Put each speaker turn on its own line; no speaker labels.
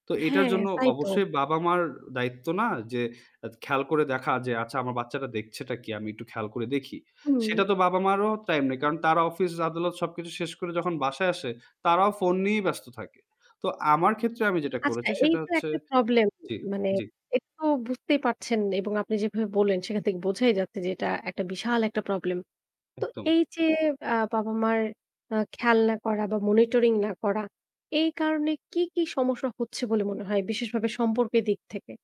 তো এটার
হ্যাঁ,
জন্য
তাই তো।
অবশ্যই বাবা-মার দায়িত্ব না যে খেয়াল করে দেখা যে, "আচ্ছা আমার বাচ্চাটা দেখছেটা কি? আমি একটু খেয়াল করে দেখি?"
হুম।
সেটা তো বাবা-মারও টাইম নেই, কারণ তারা অফিস-আদালত সবকিছু শেষ করে যখন বাসায় আসে তারাও ফোন নিয়েই ব্যস্ত থাকে। তো আমার ক্ষেত্রে আমি যেটা
আচ্ছা
করেছি
এই
সেটা
তো
হচ্ছে
একটা প্রবলেম।
জি,
মানে
জি,
এটাতো বুঝতেই পারছেন এবং আপনি যেভাবে বললেন সেখান থেকে বোঝাই যাচ্ছে যে, এটা একটা বিশাল একটা প্রবলেম। তো
একদম।
এই যে আ বাবা-মার আ খেয়াল না করা বা মনিটরিং না করা, এই কারণে কি, কি সমস্যা হচ্ছে বলে মনে হয় বিশেষভাবে সম্পর্কের দিক থেকে?